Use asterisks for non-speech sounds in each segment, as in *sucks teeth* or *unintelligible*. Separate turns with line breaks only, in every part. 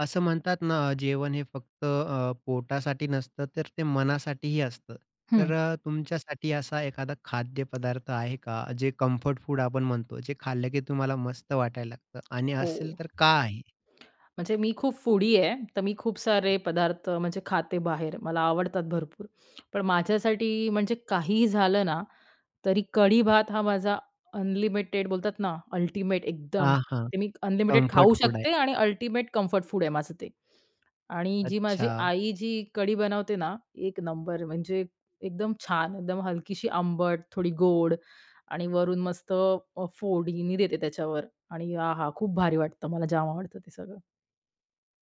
असं म्हणतात ना, जेवण हे फक्त अ, पोटासाठी नसतं, तर ते मनासाठीही असतं. तर
हं.
अ, तुमच्यासाठी असा एखादा
*clicks tongue*
खाद्यपदार्थ आहे का? जे कम्फर्ट फूड आपण म्हणतो. जे खाल्लं की तुम्हाला मस्त वाटायला लागतं आणि
हो.
असेल तर का आहे?
म्हणजे मी खूप फूडी आहे. तर मी खूप सारे पदार्थ म्हणजे खाते बाहेर, मला आवडतात भरपूर. पण माझ्यासाठी, म्हणजे काहीही झालं ना, तरी कढी-भात हा माझा अनलिमिटेड बोलतात ना, अल्टिमेट एकदम,
हां, हां.
ते मी अनलिमिटेड
कम्फर्ट
खाऊ
फूड आहे.
शकते आणि अल्टिमेट कम्फर्ट फूड आहे माझं ते. आणि जी माझी
अच्छा.
आई जी कढी बनवते ना, एक नंबर! म्हणजे एकदम छान! एकदम हलकीशी आंबट, थोडी गोड आणि वरून मस्त अ, फोडणी देते त्याच्यावर. आणि आहा! खूप भारी वाटतं. मला जाम आवडतं ते सगळं.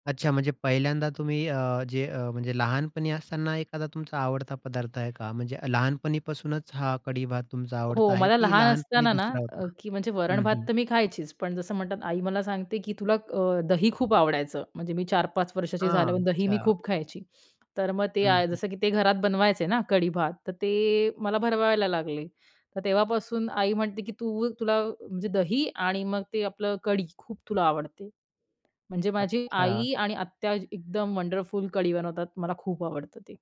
अच्छा, म्हणजे पहिल्यांदा तुम्ही अ, जे अ, म्हणजे लहानपणी असताना एखादा तुमचा आवडता पदार्थ आहे का? म्हणजे लहानपणीपासूनच हा कढी-भात तुमचा आवडता
हो
आहे,
मला
की
लहान
लहानपणी
असताना ना,
दुसरा
अ,
होता?
की म्हणजे
हं,
वरण-भात
हं.
तर मी खायचीच, पण जसं म्हणतात आई मला सांगते, की तुला अ, दही खूप आवडायचं. म्हणजे मी 4-5 वर्षाची झाल्यावर
हां.
दही मी
अच्छा.
खूप खायची. तर मग ते
हं,
आ
हं.
जसं की ते घरात बनवायचे ना कढी-भात, तर ते मला भरवायला लागले. तर तेव्हापासून आई म्हणते की तू तुला म्हणजे दही आणि मग ते आपलं कढी, खूप तुला आवडते. म्हणजे माझी
अच्छा.
आई आणि आत्या एकदम वंडरफुल कढी बनवतात. मला खूप आवडतं ते.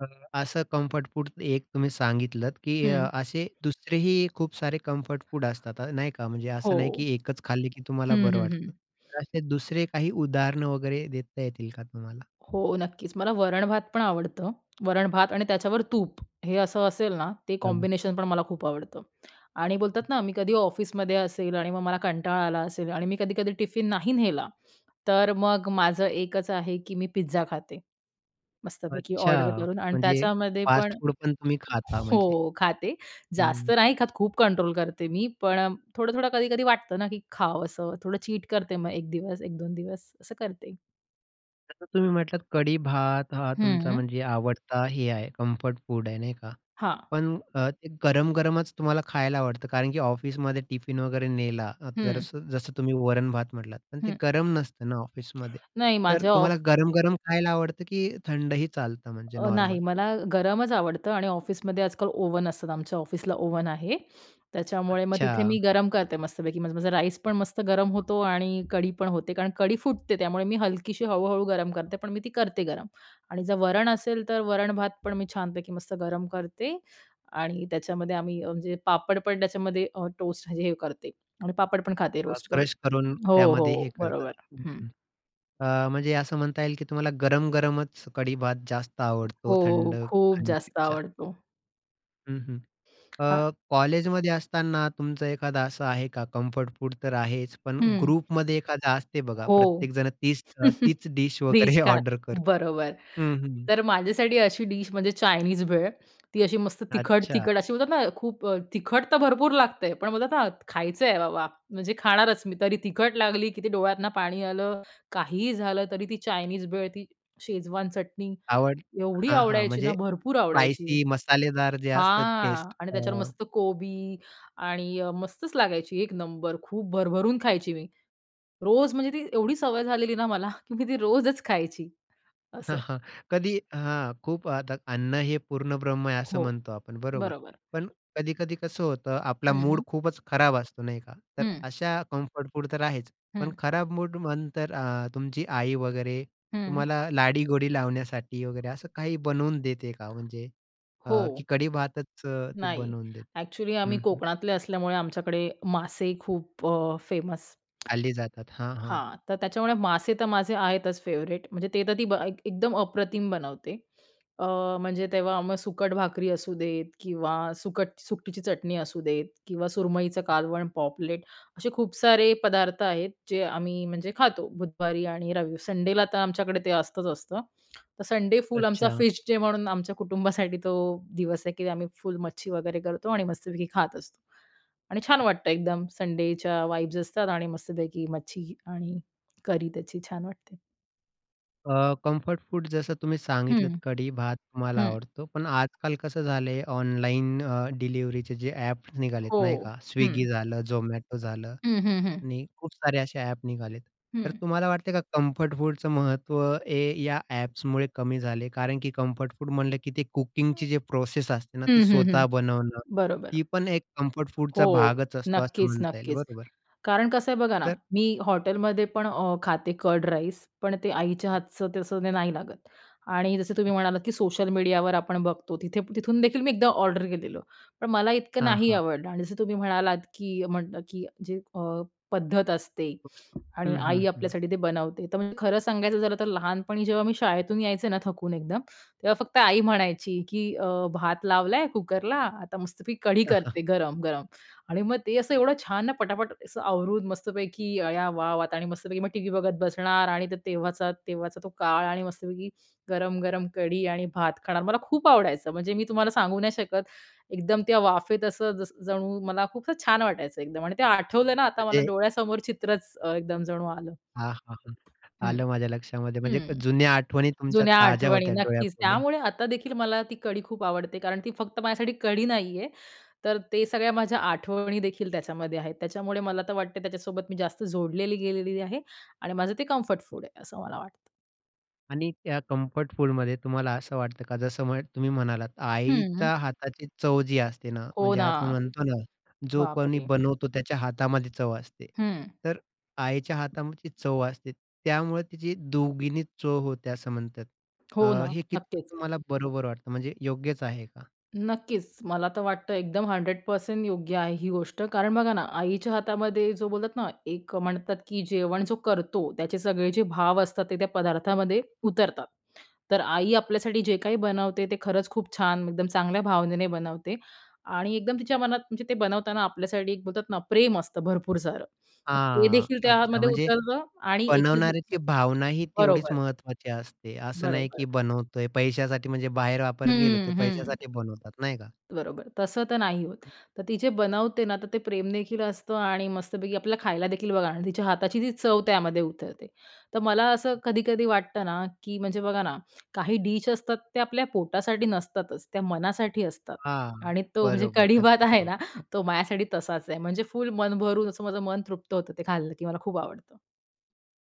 अ, असं कम्फर्ट फूड एक तुम्ही सांगितलत की अ,
हं.
असे 2रेही खूप सारे कम्फर्ट फूड असतात. अ, नाही का, म्हणजे
हो,
असं नाही की एकच खाल्ली की तुम्हाला
हं,
बरं
हं,
वाटतं.
हं.
तर असे 2रे काही उदाहरणं, वगैरे देता येतील का तुम्हाला?
हो, नक्कीच, मला वरण-भात पण आवडतं. वरण-भात आणि त्याच्यावर तूप, हे असं असेल ना, ते
*unintelligible*
कॉम्बिनेशन पण मला खूप आवडतं आणि बोलतात ना मी कधी ऑफिसमध्ये असेल, आणि मग मला कंटाळा आला असेल, आणि मी कधी-कधी टिफिन नाही नेला तर मग माझं एकच आहे की मी पिझ्झा खाते. मस्तपैकी, ऑर्डर
अच्छा,
करून. आणि
म्हणजे
त्याच्यामध्ये पण
फास्ट फूड पण तुम्ही खाता म्हणजे,
हो. खाते,
हं.
जास्त नाही खात खूप कंट्रोल करते मी, पण थोडं-थोडं कधी-कधी वाटतं ना की खाव असं, थोडं चीट करते मग, 1 दिवस, 1-2 दिवस असं करते.
आता तुम्ही म्हटलात, कढी-भात हा तुमचा
हं.
म्हणजे आवडता हे आहे, कम्फर्ट फूड आहे नाही का?
हां.
पण अ, ते गरम-गरमच तुम्हाला खायला आवडतं, कारण की ऑफिसमध्ये टिफिन वगैरे नेला, अ,
हं.
जरसं जसं तुम्ही वरण-भात म्हटलात, पण ते
हं.
गरम नसतं ना ऑफिसमध्ये.
नाही,
तर
माझ्या
तुम्हाला
ऑफ
गरम-गरम खायला आवडतं की थंडही चालतं? म्हणजे
अ,
नॉर्मल.
नाही, मला गरमच आवडतं आणि ऑफिसमध्ये आजकाल ओव्हन असतात, आमच्या ऑफिसला ओव्हन आहे. त्याच्यामुळे मग तिथे
अच्छा.
मी गरम करते मस्तपैकी. म माझा राईस पण मस्त गरम होतो आणि कढी पण होते कारण कढी फुटते त्यामुळे मी हलकीशी, हळू-हळू गरम करते, पण मी ती करते गरम आणि जर वरण असेल तर वरण-भात पण मी छानपैकी मस्त गरम करते आणि त्याच्यामध्ये आम्ही म्हणजे पापड पण त्याच्यामध्ये अ, टोस्ट म्हणजे हे करते आणि पापड पण खाते,
हां,
रोस्ट करून
क्रश करून
हो,
त्यामध्ये हे
हो,
करतात
बरोबर,
हं,
हं.
हं, अ, म्हणजे असं म्हणता येईल की तुम्हाला गरम-गरमच कढी-भात जास्त आवडतो
हो,
थंड
खूप जास्त
खाण्यापेक्षा.
आवडतो.
हं, हं.
हां.
अ, कॉलेजमध्ये असताना तुमचं एखादं असं आहे का? कम्फर्ट फूड तर आहेच, पण
हं.
ग्रुपमध्ये एखादा असते बघा,
हो,
प्रत्येकजण तीच अ तीच
*chuckles*
डिश वगैरे
डिश
हे
खात
ऑर्डर कर
बरोबर.
हं, हं.
तर माझ्यासाठी अशी डिश म्हणजे चायनीज भेळ, ती अशी मस्त
अच्छा.
तिखट-तिखट अशी बोलतात ना, खूप अ, तिखट तर भरपूर लागते. पण बोलतात ना, खायचं आहे बाबा, म्हणजे खाणारच मी, तरी तिखट लागली, कितीही ते डोळ्यातनं पाणी आलं, काहीही झालं तरी, ती चायनीज भेळ, ती शेजवान चटणी,
आवड
एवढी
हां, हां,
आवडायची
म्हणजे
ना, भरपूर आवडायची.
स्पाइसी मसालेदार जे असतात.
हां
टेस्ट
आणि
अ
त्याच्यावर मस्त कोबी आणि अ, मस्तच लागायची 1 नंबर, खूप भरभरून खायची मी. रोज म्हणजे ती एवढी सवय झालेली ना मला *chuckles* की, मी ती रोजच खायची असं.
*chuckles* कधी हां, खूप आता अन्न हे पूर्णब्रह्म आहे असं
हो,
म्हणतो आपण बरोबर.
बरोबर.
पण कधी-कधी कसं होतं, आपला
हं,
मूड
हं.
खूपच खराब असतो नाही का? तर
हं.
अशा कम्फर्ट फूड तर आहेच, पण
हं.
खराब मूड म्हणतर अ, तुमची आई वगैरे,
हं.
तुम्हाला लाडी-गोडी लावण्यासाठी वगैरे, असं काही बनवून देते का? म्हणजे
हो.
अ, की कढी भातच अ, ती
नाही,
बनवून देते
एक्चुअली आम्ही
हं, हं.
कोकणातले असल्यामुळे आमच्याकडे मासे खूप अ, फेमस
आले जातात. हां, हां.
हां, तर त्याच्यामुळे मासे तर माझे आहेतच फेवरेट म्हणजे ते तर ती ब एकदम अप्रतिम बनवते. अ, म्हणजे तेव्हा मग सुकट भाकरी असू देत किंवा सुकट सुकटीची चटणी असू देत किंवा सुरमईचं कालवण, पॉपलेट असे खूप सारे पदार्थ आहेत. जे आम्ही म्हणजे खातो, बुधवारी आणि रवि संडेला तर आमच्याकडे ते असतंच असतं तर संडे फुल आमचा
अच्छा.
फिश डे म्हणून आमच्या कुटुंबासाठी तो दिवस आहे, की आम्ही फुल मच्छी वगैरे करतो आणि मस्तपैकी खात असतो आणि छान वाटतं, एकदम संडेच्या वाईब्स असतात आणि मस्तपैकी मच्छी आणि करी त्याची छान वाटते.
अ, कम्फर्ट फूड, जसं तुम्ही सांगितलंत,
हं,
कढी भात तुम्हाला
हं.
आवडतो, पण आजकाल कसं झालंय, ऑनलाईन अ, डिलिव्हरीचे जे एप्स निघालेत
हो,
नाही का?
हं.
Swiggy झालं, Zomato झालं
हं, हं, हं.
आणि खूप सारे असे एप निघालेत तर
हं.
तुम्हाला वाटते का कम्फर्ट फूडचं महत्त्व हे या एप्समुळे कमी झाले, कारण की कम्फर्ट फूड म्हटलं, की ते कुकिंगची जी प्रोसेस असते ना, ती
हं, हं, हं,
स्वतः बनवणं,
बरोबर.
ती पण एक कम्फर्ट फूडचा
हो,
भागच असतो. असं
नक्कीच,
म्हणता येईल,
नक्कीच.
बरोबर?
कारण कसं आहे बघा ना,
तर
मी हॉटेलमध्येपण अ, खाते कर्ड राईस, पण ते आईच्या हातचं तसं ते नाही लागत आणि जसं तुम्ही म्हणालात, की सोशल मीडियावर आपण बघतो तिथे तिथून देखील मी एकदा ऑर्डर केलेलं, पण मला इतकं
हां,
नाही
हां.
आवडलं आणि जसं तुम्ही म्हणालात, की म्हणलं की म्हण जी अ, पद्धत असते आणि
हं, हं,
आई
हं.
आपल्यासाठी ते बनवते तर म्हणजे खरंच सांगायचं झालं तर, लहानपणी जेव्हा मी शाळेतून यायचे ना, थकून एकदम तेव्हा फक्त आई म्हणायची, की अ, भात लावलाय कुकरला, आता मस्तपैकी कढी
*chuckles*
करते, गरम-गरम आणि मग ते असं एवढं छान ना, पटापट असं आवरून, मस्तपैकी, अया वाव! आता आणि मस्तपैकी मग टीव्ही बघत बसणार आणि तर तेव्हाचा तेव्हाचा तो काळ आणि मस्तपैकी गरम-गरम कढी आणि भात खाणार. मला खूप आवडायचं, म्हणजे मी तुम्हाला सांगू नाही शकत, एकदम त्या वाफेत असं, जसं जणू मला खूपच छान वाटायचं एकदम आणि ते आठवलं ना, आता मला
म्हणजे
डोळ्यासमोर चित्रच अ, एकदम जणू आलं.
हां, हां, हां.
हं,
आलं माझ्या लक्षामध्ये म्हणजे
हं,
जुन्या आठवणी तुमच्या
जुन्या
ताज्या
आठवणी
होत्या
नक्कीच,
डोळ्यापुढे.
त्यामुळे आता देखील मला ती कढी खूप आवडते, कारण ती फक्त माझ्यासाठी कढी नाही आहे, तर ते सगळ्या माझ्या आठवणी देखील त्याच्यामध्ये आहेत, त्याच्यामुळे मला तर वाटते त्याच्यासोबत मी जास्त जोडली गेलेली आहे आणि माझं ते कम्फर्ट फूड आहे, असं मला वाटतं.
आणि त्या कम्फर्ट फूडमध्ये तुम्हाला असं वाटतं का जसं म्ह तुम्ही म्हणालात,
हं.
आईच्या हाताची चव जी असते ना,
हो
म्हणजे
ना.
आपण म्हणतो ना, जो
बाप
कोणी
रे!
बनवतो त्याच्या हातामध्ये चव असते.
हं.
तर आईच्या हातामध्ये चव असते, त्यामुळं तिची दूगिणी चव होते, असं म्हणतात. अ,
हो ना,
हे कितपत
नक्कीच!
तुम्हाला बरोबर वाटतं? म्हणजे योग्यच आहे का?
नक्कीच, मला तर वाटतं, एकदम 100% योग्य आहे ही गोष्ट, कारण बघा ना, आईच्या हातामध्ये जो बोलतात ना, एक म्हणतात की जेवण जो करतो, त्याचे सगळे जे भाव असतात, ते त्या पदार्थामध्ये उतरतात. तर आई आपल्यासाठी जे काही बनवते ते खरंच खूप छान, एकदम चांगल्या भावनेने बनवते आणि एकदम तिच्या मनात, म्हणजे ते बनवताना आपल्यासाठी, एक बोलतात ना, प्रेम असतं भरपूर सारं तर ते
हां,
देखील
अच्छा
त्यामध्ये
म्हणजे
उतरलं आणि ए *unintelligible*
बनवणाऱ्याची भावनाही तेवढीच
बरोबर.
महत्त्वाची असते असं नाही
बरोबर.
की बनवतोय पैशासाठी, म्हणजे बाहेर आपण गेलो ते
हम्म, हं.
पैशासाठी बनवतात, नाही का?
बरोबर, तसं तर नाही होत. तर ती जे बनवते ना तर ते प्रेमदेखील असतं आणि मस्तपैकी आपल्या खायला देखील बघा ना, तिच्या हाताची जी चव त्यामध्ये उतरते. तर मला असं कधी-कधी वाटतं ना, की म्हणजे बघा ना, काही डिश असतात, ते आपल्या पोटासाठी नसतातच, त्या मनासाठी असतात,
हां,
आणि तो म्हणजे
बरोबर,
कढी-भात
अगदी
आहे
बरोबर.
ना, तो माझ्यासाठी तसाच आहे. म्हणजे फुल मन भरून असं माझं मन तृप्त होतं, ते खाल्लं की मला खूप आवडतं.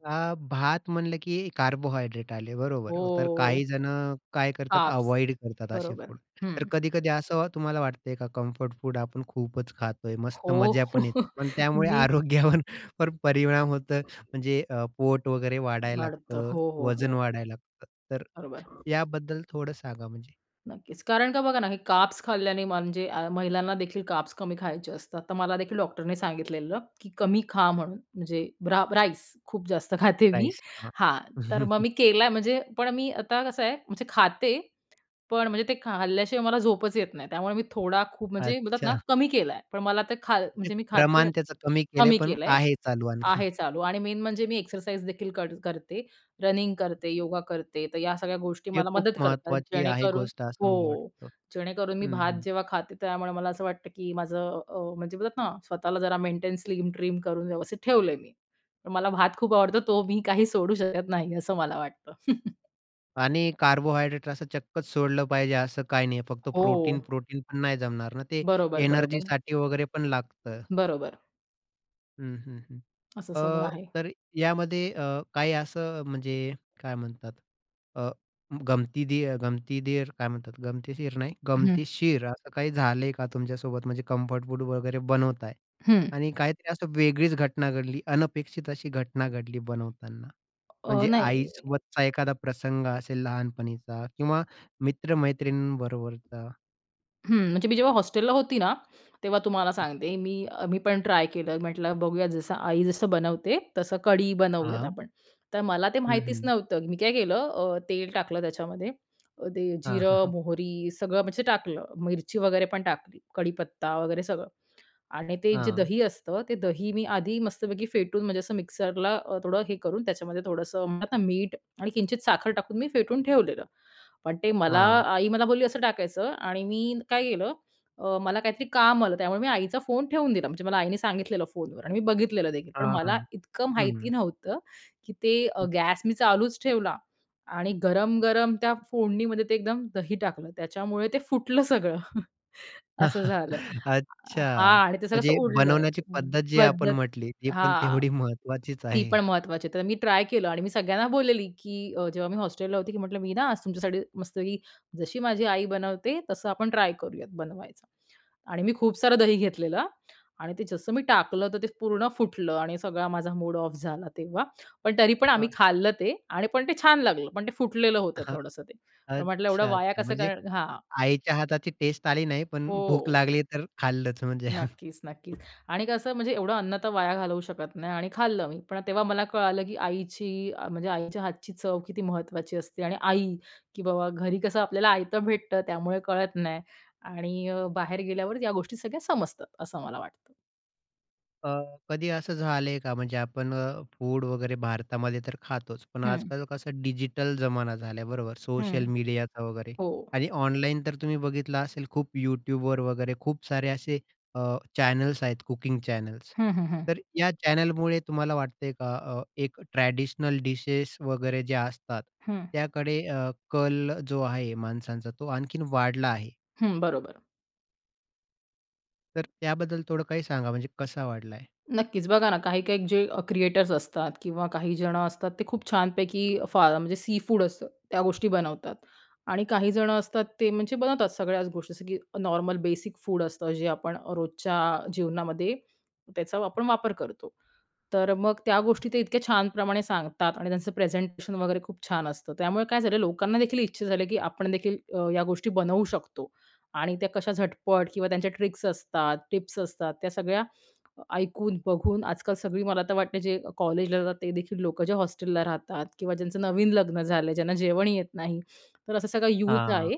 आ भात म्हणलं की कार्बोहायड्रेट आले, बरोबर. तर काही
हो.
जण काय करतात
कार्ब्स,
अव्हॉइड करतात
*sucks teeth*
असे
बरोबर,
फूड. तर
हं.
कधी-कधी असं तुम्हाला वाटतंय का, कम्फर्ट फूड आपण खूपच खातोय, मस्त
हो,
मजा पण
हो.
येते, पण त्यामुळे
मी
आरोग्यावर पण परिणाम होतो. म्हणजे अ, पोट वगैरे वाढायला
वाढतं.
लागतं,
हो, हो,
वजन
हो.
वाढायला लागतं, तर
बरोबर. *blows air*
याबद्दल थोडं सांगा म्हणजे?
नक्कीच, कारण का बघा ना, हे कार्ब्स खाल्ल्याने म्हणजे अ, महिलांना देखील कार्ब्स कमी खायचे असतात, तर मला देखील डॉक्टरने सांगितलेलं की कमी खा म्हणून, म्हणजे ब्रा राईस खूप जास्त खाते मी.
राइस, हां.
हां, तर मग
*chuckles*
मी केलाय म्हणजे, पण मी आता कसं आहे, म्हणजे खाते, *smacks lips* पण म्हणजे ते खाल्ल्याशिवाय मला झोपच येत नाही. त्यामुळे मी थोडा, खूप म्हणजे म्हणतात ना,
अच्छा.
कमी केला आहे. पण मला ते खाल
एक
म्हणजे मी खाते
प्रमाण त्याचं कमी केले,
कमी
पण
केलाय
आहे चालू आणखीन.
आहे चालू आणि मेन म्हणजे मी एक्सरसाइज देखील कर करते, रनिंग करते, योगा करते, तर या सगळ्या गोष्टी
हे
मला
खूप
मदत करतात.
महत्त्वाची आहे
जेणेकरून
गोष्ट, असं
हो,
मला वाटतं.
जेणेकरून मी
हं,
भात
हं.
जेव्हा खाते, त्यामुळं मला असं वाटतं की माझं अ, म्हणजे बोलतात ना, स्वतःला जरा मेंटेन, स्लिम-ट्रिम करून व्यवस्थित ठेवलंय मी. पण मला भात खूप आवडतो, तो मी काही सोडू शकत नाही, असं मला वाटतं. *laughs*
आणि कार्बोहायड्रेट असं चक्कच सोडलं पाहिजे असं काही नाहीये. फक्त प्रोटीन
हो.
प्रोटीन पण नाही जमणार ना ते
बरोबर, बरोबर.
एनर्जीसाठी वगैरे पण लागतं.
बरोबर.
हं, हं, हं.
असं सगळं
अ,
आहे.
तर यामध्ये अ, काही असं म्हणजे काय म्हणतात? अ, गमती दे गमती देर काय म्हणतात? गमतीशीर नाही
हं.
गमतीशीर असं काही झालंय का तुमच्यासोबत? म्हणजे कम्फर्ट फूड वगैरे बनवत आहे
हं.
आणि काहीतरी असं वेगळीच घटना घडली, अनपेक्षित अशी घटना घडली बनवताना,
अ,
म्हणजे
नाही.
आईसोबतचा एखादा प्रसंग असेल लहानपणीचा किंवा मित्र-मैत्रिणींबरोबरचा?
हं, म्हणजे मी जेव्हा हॉस्टेलला होती ना, तेव्हा तुम्हाला सांगते मी अ, मी पण ट्राय केलं. म्हटलं बघूयात जसं आई जसं बनवते तसं कढी बनवूयात
हां.
आपण. तर मला ते
हं,
माहितीच
हं.
नव्हतं मी काय केलं अ, तेल टाकलं त्याच्यामध्ये, अ, ते
हां, हां,
जिरं,
हां.
मोहरी सगळं म्हणजे टाकलं, मिरची वगैरे पण टाकली, कडीपत्ता वगैरे सगळं आणि ते जे
हां.
दही असतं, ते दही मी आधी मस्तपैकी फेटून म्हणजे असं मिक्सरला थोडं हे करून त्याच्यामध्ये थोडंसं म आता मीठ आणि किंचित साखर टाकून मी फेटून ठेवलेलं पण ते मला
हां.
आई मला बोलली असं टाकायचं आणि मी काय केलं अ, मला काहीतरी काम आलं त्यामुळे मी आईचा फोन ठेवून दिला, म्हणजे मला आईने सांगितलेलं फोनवर आणि मी बघितलेलं देखील पण
हां, हां,
मला इतकं माहिती
हं.
नव्हतं, की ते गॅस मी चालूच ठेवला आणि गरम-गरम त्या फोडणीमध्ये ते एकदम दही टाकलं त्याच्यामुळे ते फुटलं सगळं *chuckles* असं
*chuckles*
झालं हां
अच्छा,
आणि ते सगळ असं
म्हणजे
उडलं.
बनवण्याची पद्धत जी आपण
पद्धत
म्हटली, ती पण
हां,
तेवढी महत्त्वाचीच
ती
आहे.
पण महत्त्वाची आहे. तर मी ट्राय केलं आणि मी सगळ्यांना बोललेली की अ, जेव्हा मी हॉस्टेलला होती की म्हटलं, "मी ना आज तुमच्यासाठी मस्तपैकी, जशी माझी आई बनवते तसं आपण ट्राय करूयात बनवायचं आणि मी खूप सारं दही घेतलेलं आणि ते जसं मी टाकलं तर ते पूर्ण फुटलं आणि सगळा माझा मूड ऑफ झाला तेव्हा. पण तरी पण
हां,
आम्ही
हां.
खाल्लं ते आणि पण ते छान लागलं. पण ते फुटलेलं होतं
हां,
थोडंसं ते पण म्हटलं एवढं
अच्छा,
वाया
अच्छा.
कसं
म्हणजे
कर हां.
आईच्या हाताची टेस्ट आली नाही, पण भूक
हो.
लागली तर खाल्लंच म्हणजे. *chuckles*
नक्कीच, नक्कीच आणि कसं म्हणजे एवढं अन्न तर वाया घालवू शकत नाही आणि खाल्लं मी पण तेव्हा मला कळालं, की आईची म्हणजे आईच्या हातची चव किती महत्त्वाची असते आणि आई, की बाबा, घरी कसं आपल्याला आयत भेटतं, त्यामुळे कळत नाही आणि अ, बाहेर गेल्यावर या गोष्टी सगळ्या समजतात, असं मला वाटतं.
अ, कधी असं झालंय का? म्हणजे आपण अ, फूड वगैरे भारतामध्ये तर खातोच. पण
हं.
आजकाल कसं डिजिटल जमाना झाला आहे बरोबर? सोशल
हं,
मीडियाचा वगैरे
हो.
आणि ऑनलाईन तर तुम्ही बघितलं असेल खूप Youtubeवर वगैरे खूप सारे असे अ, चॅनल्स आहेत कुकिंग चॅनल्स
हं, हं, हं.
तर या, चॅनलमुळे तुम्हाला वाटतंय का अ, एक ट्रॅडिशनल डिशेस वगैरे जे असतात
हं.
त्याकडे अ, कल जो आहे माणसांचा तो आणखीन वाढला आहे?
हं, बरोबर.
तर त्याबद्दल थोडं काही सांगा, म्हणजे कसा वाढलाय?
नक्कीच, बघा ना काही-काही जे क्रिएटर्स असतात किंवा काहीजणं असतात ते खूप छानपैकी फा म्हणजे सीफूड असतं, त्या गोष्टी बनवतात. आणि काहीजणं असतात ते म्हणजे बनवतात सगळ्याच गोष्टी जसं, की नॉर्मल बेसिक फूड असतं जे आपण रोजच्या अ, जीवनामध्ये त्याचा आपण वापर करतो. तर मग त्या गोष्टी ते इतक्या छानप्रमाणे सांगतात आणि त्यांचं प्रेझेंटेशन वगैरे खूप छान असतं. त्यामुळे काय झालं लोकांना देखील इच्छा झाली की आपण देखील अ, या गोष्टी बनवू शकतो आणि त्या कशा झटपट किंवा त्यांच्या ट्रिक्स असतात, टिप्स असतात त्या सगळ्या ऐकून, बघून आजकाल सगळी मला तर वाटते, जे कॉलेजला जातात ते देखील लोकं, जे हॉस्टेलला राहतात किंवा ज्यांचं नवीन लग्न झालंय, ज्यांना जेवण येत नाही, तर असा सगळा यूथ
हां.
आहे;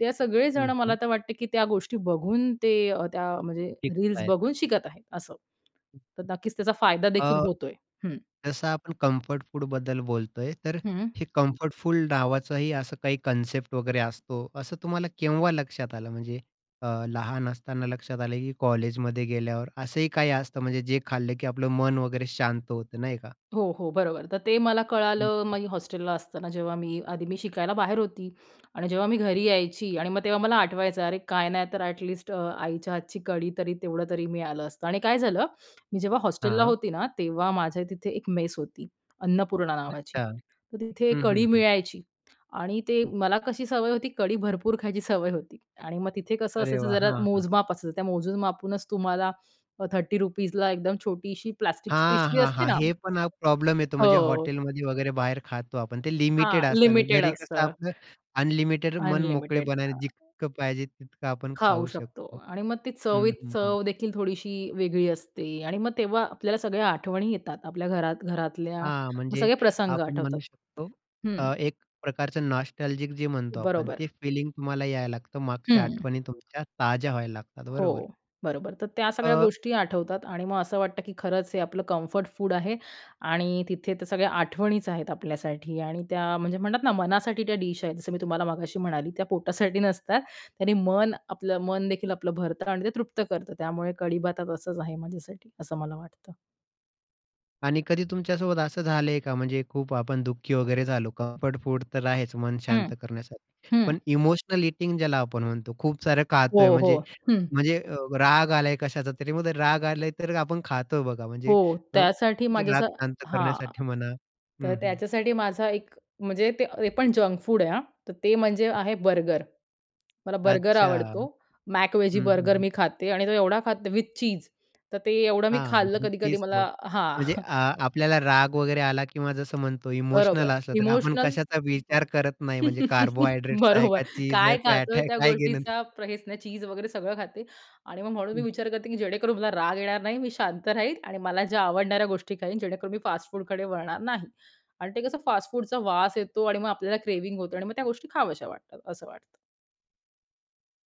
ते सगळे
हं,
जण मला
हं.
तर वाटते की, त्या गोष्टी बघून ते त्या म्हणजे
टिकता
रील्स
आहेत.
बघून शिकत आहेत असं. तर नक्कीच त्याचा फायदा देखील
अ,
होतोय. हम्म.
जसं आपण कम्फर्ट फूड बद्दल बोलतोय, तर
हं.
हे कम्फर्टफुल नावाचंही असं काही कन्सेप्ट वगैरे असतो असं तुम्हाला केव्हा लक्षात आलं? म्हणजे, अ, लहान असताना लक्षात आलं, की कॉलेज मध्ये गेल्यावर? असंही काही असतं म्हणजे, जे खाल्लं की आपलं मन वगैरे शांत होतं. नाही का?
हो, हो. बरोबर. तर ते मला कळालं
हं.
मी हॉस्टेलला असताना, जेव्हा मी आधी मी शिकायला बाहेर होती. आणि जेव्हा मी घरी यायची आणि मग तेव्हा मला आठवायचं, अरे काय नाही तर, ॲटलीस्ट अ, आईच्या हातची कढी तरी तेवढं तरी मिळालं असतं? आणि काय झालं? मी जेव्हा हॉस्टेलला
हां.
होती ना तेव्हा माझ्या तिथे एक मेस होती, अन्नपूर्णा नावाची.
अच्छा.
तर तिथे
हं, हं,
कढी
हं.
मिळायची आणि ते
हं.
मला कशी सवय होती, कढी भरपूर खायची सवय होती आणि मग तिथे कसं
अरे
असायचं,
वाह!
जरा
हां, हां.
मोज-माप असायचं. त्या मोजून-मापूनच तुम्हाला ₹30ला एकदम छोटीशी प्लास्टिकची
हां,
पिशवी
हां,
असते
हां.
ना
हे पण आ प्रॉब्लेम येतो,
हो.
म्हणजे हॉटेलमध्ये वगैरे बाहेर खातो आपण, ते
हां
लिमिटेड असतं, आणि
लिमिटेड
घरी कसं
असतं.
आपलं अनलिमिटेड
अनलिमिटेड
मन-मोकळेपणानं, जितकं पाहिजे तितकं आपण
खाऊ
खाऊ
शकतो
शकतो.
आणि मग ती
हं,
चवीत
हं, हं.
चव देखील थोडीशी वेगळी असते आणि मग तेव्हा आपल्याला सगळ्या आठवणी येतात. आपल्या घरात घरातल्या,
हां,
मग
म्हणजे
सगळे प्रसंग
आपण
आठवतात.
म्हणू शकतो
हम्म.
अ, एक प्रकारचं नोस्टेलजीक जे म्हणतो आपण
बरोबर.
ते फिलिंग तुम्हाला यायला लागतं, मागच्या
हं.
आठवणी तुमच्या ताज्या व्हायला लागतात,
हो,
बरोबर?
बरोबर. तर त्या सगळ्या
अ
गोष्टी आठवतात आणि मग असं वाटतं की खरंच हे आपलं कम्फर्ट फूड आहे आणि तिथे त्या सगळ्या आठवणीच आहेत आपल्यासाठी. आणि त्या म्हणजे म्हणतात ना मनासाठी त्या डिश आहेत. जसं मी तुम्हाला मगाशी म्हणाली, त्या पोटासाठी नसतात त्याने मन आपलं मन देखील आपलं भरतं आणि ते तृप्त करतं त्यामुळे कढी-भात असंच आहे माझ्यासाठी, असं मला वाटतं.
आणि कधी तुमच्यासोबत असं झालंय का? म्हणजे खूप आपण दुःखी वगैरे झालो, क कम्फर्ट फूड तर आहेच मन शांत
हं,
करण्यासाठी
हं.
पण इमोशनल ईटिंग ज्याला आपण म्हणतो, खूप सारं खातोय
हो, हो.
म्हणजे
हं.
म्हणजे अ, राग आलाय कशाचा तरी, मग राग आला तर आपण खातो बघा, म्हणजे
हो,
अ,
त्यासाठी माझ्या
राग
असं
शांत
हां,
करण्यासाठी म्हणा. हं,
तर
हं.
त्याच्यासाठी माझा एक म्हणजे ते ते पण जंक फूड आहे हां. तर ते म्हणजे आहे बर्गर. मला बर्गर
अच्छा.
आवडतो मॅकवेजी
हं, हं.
बर्गर
हं.
मी खाते आणि तो एवढा खाते विथ चीज तर ते एवढं मी
हां,
खाल्लं
म्हणजे
कधी-कधी
चीज
मला
बर्गर
हां.
म्हणजे आ
*chuckles*
आपल्याला राग वगैरे आला किंवा जसं म्हणतो इमोशनल
बरोबर.
असलं तर आपण
इमोशनल
कशाचा विचार करत
*unintelligible*
नाही म्हणजे
*chuckles*
कार्बोहाइड्रेट आहे
बरोबर,
का? चीज आहे
काय
फॅट
खातोय
आहे.
त्या
*chuckles* काय घेणं देण
गोष्टीचा प्र हेच ना चीज वगैरे सगळं खाते. आणि मग म्हणून मी विचार करते, की जेणेकरून मला राग येणार नाही. मी शांत राहील आणि मला ज्या आवडणाऱ्या गोष्टी खाईन, जेणेकरून मी फास्टफूडकडे वळणार नाही आणि ते कसं फास्टफूडचा वास येतो आणि मग आपल्याला क्रेव्हिंग होतं आणि मग त्या गोष्टी खाव्याशा वाटतात, असं वाटतं.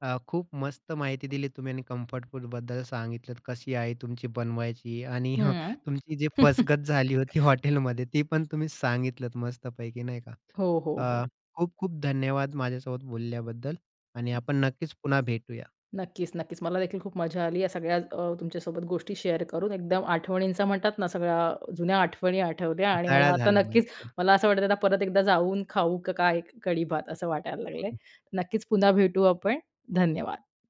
हां, खूप मस्त माहिती दिली तुम्ही आणि कम्फर्ट फूडबद्दल सांगितलत. कशी आहे तुमची बनवायची. आणि *chuckles*
हं,.
तुमची जी
*chuckles*
फसगत झाली होती हॉटेलमध्ये ती पण तुम्ही सांगितलत मस्तपैकी नाही का.
हो, हो. हो.
अ, खूप-खूप धन्यवाद माझ्यासोबत बोलल्याबद्दल आणि आपण नक्कीच पुन्हा भेटूया.
नक्कीच-नक्कीच. मला देखील खूप मजा आली. या सगळ्या अ, तुमच्यासोबत गोष्टी शेअर करून, एकदम आठवणींचा म्हणतात ना, सगळ्या जुन्या आठवणी आठवल्या
*unintelligible*
आणि मला
झाला
आता नक्कीच,
म्हणजे. *unintelligible*
मला असं वाटतं आता परत एकदा जाऊन खाऊ का काय. कडी भात असं वाटायला लागलंय. नक्कीच पुन्हा भेटू आपण धन्यवाद.